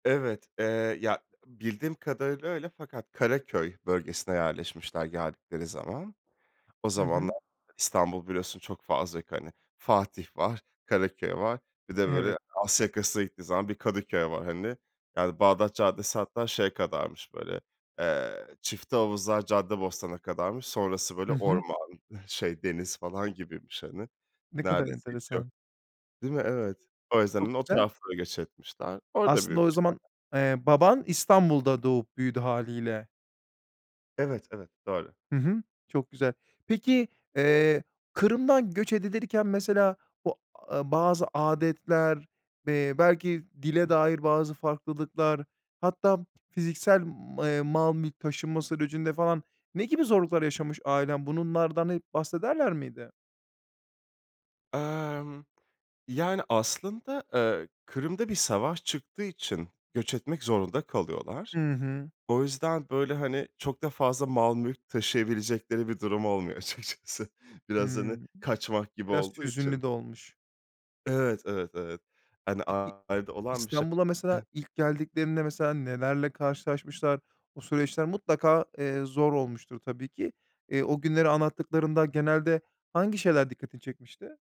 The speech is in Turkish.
Evet, eee, ya, bildiğim kadarıyla öyle fakat Karaköy bölgesine yerleşmişler geldikleri zaman. O Hı hı. zamanlar, İstanbul biliyorsun çok fazla yok, hani, Fatih var, Karaköy var, bir de Evet. böyle Asya yakasına gittiğin zaman bir Kadıköy var, hani. Yani Bağdat Caddesi hatta şey kadarmış böyle, eee, Çiftehavuzlar Caddebostan'a kadarmış. Sonrası böyle Hı hı. orman, şey deniz falan gibiymiş, hani. Ne kadar Neredeyse hiç yok. enteresan. Değil mi? Evet. O yüzden, hani, Çok o güzel. tarafınlara göç etmişler. Orada Aslında o büyümüşler. zaman, eee, baban İstanbul'da doğup büyüdü hâliyle. Evet, evet, doğru. Hı hı. Çok güzel. Peki, eee, Kırım'dan göç edilirken mesela o, a bazı âdetler, eee, belki dile dair bazı farklılıklar, hatta fiziksel, m eee, mal mülk taşınma sürecinde falan ne gibi zorluklar yaşamış ailen? Bunlardan hep bahsederler miydi? Emm. Yani aslında, eee, Kırım'da bir savaş çıktığı için göç etmek zorunda kalıyorlar. Hı hı. O yüzden, böyle, hani, çok da fazla mal mülk taşıyabilecekleri bir durum olmuyor açıkçası. Biraz hani, Hımm. kaçmak gibi Biraz olduğu hüzünlü için. de olmuş. Evet, evet, evet. Hani, Peki, ailede olan bir şey. İstanbul'a mesela, E ilk geldiklerinde mesela nelerle karşılaşmışlar? O süreçler mutlaka, eee, zor olmuştur tabii ki. Eee, o günleri anlattıklarında genelde, hangi şeyler dikkatini çekmişti?